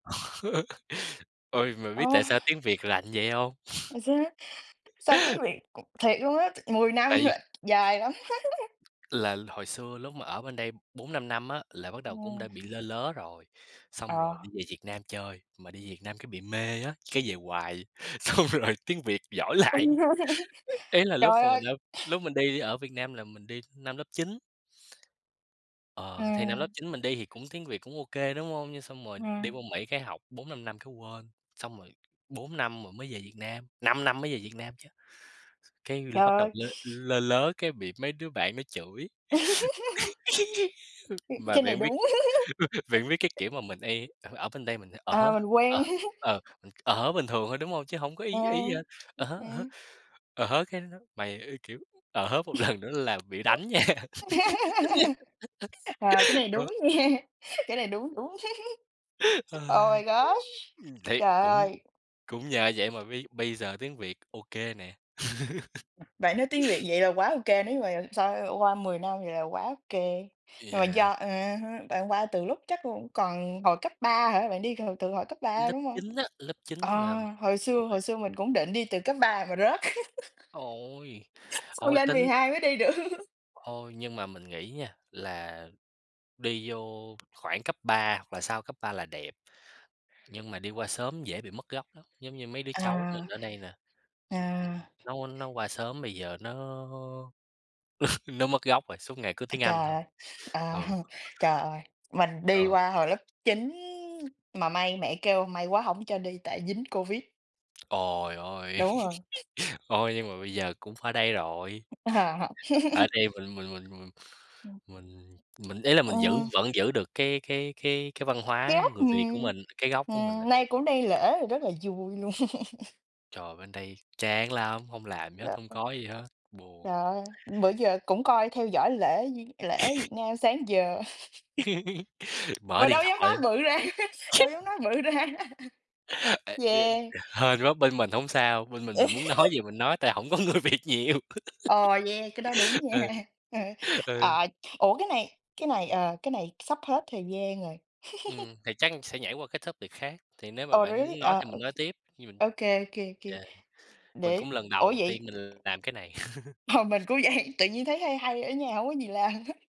Ôi, bạn biết Ô. tại sao tiếng Việt lại như vậy hông? Hồi xưa á sao tiếng Việt, [unintelligible] thiệt luôn á, t 10 năm Tại l vì dài lắm. là hồi xưa lúc mà ở bên đây 4-5 năm á, là bắt đầu cũng Ừm. đã bị lơ lớ rồi, xong rồi Ờ. đi về Việt Nam chơi, mà đi Việt Nam cái bị mê á, cái về hoài, xong rồi tiếng Việt giỏi lại, Ừm, rõ ràng. ý là lúc Trời mà mình ơi! ở lúc mình đi ở Việt Nam là mình đi năm lớp 9. Ờ, thì năm lớp Ừm. 9 mình đi thì cũng tiếng Việt cũng ô kê, đúng hông? Nhưng xong rồi đi Ừm. vô Mỹ cái học 4-5 năm cái quên, xong rồi 4 năm rồi mới về Việt Nam, 5 năm mới về Việt Nam chứ. Cái Trời bắt đầu ơi! lơ lơ lớ cái bị mấy đứa bạn nó chửi, Ưm, mà cái này bạn biết đúng. bạn biết cái kiểu mà mình y ở ở bên đây mình sẽ "ờ À, hớ, mình ờ, quen. ờ, ờ hớ" bình thường thôi, đúng hông? Chứ hổng có Ừ. ý ý gì hết, ờ Ừm, hớ, ờ hớ, ừm. ờ hớ, cái nói: "Mày" ơ, kiểu "ờ hớ một lần nữa là bị đánh nha." Ờ, cái này Đó. đúng nha, cái này đúng, đúng. Ờ. Oh my gosh! Ừm, thì Trời cũng ơi! cũng nhờ vậy mà bây bây giờ tiếng Việt ô kê nè. Bạn nói tiếng Việt vậy là quá ô kê, nếu như mà so qua 10 năm vậy là quá ô kê. Nhưng mà Yeah. do, ờ ha, bạn qua từ lúc chắc cũng còn hồi cấp 3 hả? Bạn đi từ từ hồi cấp 3, Lớp đúng hông? 9 á, lớp 9 Ờ, là hồi xưa hồi mười xưa mình cũng định đi từ cấp 3 mà rớt. Ôi! Xong Ôi, lên tính 12 mới đi được. Ôi, nhưng mà mình nghĩ nha, là đi vô khoảng cấp 3 hoặc là sau cấp 3 là đẹp. Nhưng mà đi qua sớm dễ bị mất gốc lắm, giống như mấy đứa cháu À. mình ở đây nè. À. Nó nó qua sớm bây giờ nó nó mất gốc rồi, suốt ngày cứ À, tiếng Anh trời thôi. ơi! À Ừ. ha. Trời ơi! Mình đi Ờ. qua hồi lớp 9 mà may mẹ kêu, may quá hổng cho đi tại dính Covid. Ồi, ôi. Đúng rồi. Ôi, nhưng mà bây giờ cũng phải đây rồi. À, học. Ở đây mình mình mình mình Ừm. mình mình ý là mình giữ Ừm. vẫn giữ được cái cái cái cái văn hóa Khiếp! người Việt của Ừm. mình, cái gốc của mình là Ừm, nay được. cũng đang lễ là rất là vui luôn. Trời, bên đây chán lắm, hông làm gì hết, hông có [unintelligible] gì hết, buồn. Trời ơi! Bữa giờ cũng coi theo dõi lễ d lễ ở Việt Nam sáng giờ. Mở Mà điện đâu dám nói thoại. bự ra, đâu dám nói bự ra. Ê! Duyên Yeah. hên quá, bên mình hổng sao, bên mình mình muốn nói gì mình nói, tại hổng có người Việt nhiều. Ờ, yeah, cái đó đúng Ừ. nha. Ừ. Ờ, ủa, cái này cái này, ờ, cái này sắp hết thời gian rồi. Ừm, thì chắc sẽ nhảy qua cái topic khác, thì nếu mà Ồ, bạn really? muốn nói Ờ, thì ô mình nói tiếp, khi mình ô kê, ô kê, kê. yeah, mình Để cũng lần ủa, đầu vậy tiên mình làm cái này. Mà mình cũng vậy, tự nhiên thấy hay hay, ở nhà hông có gì làm hết.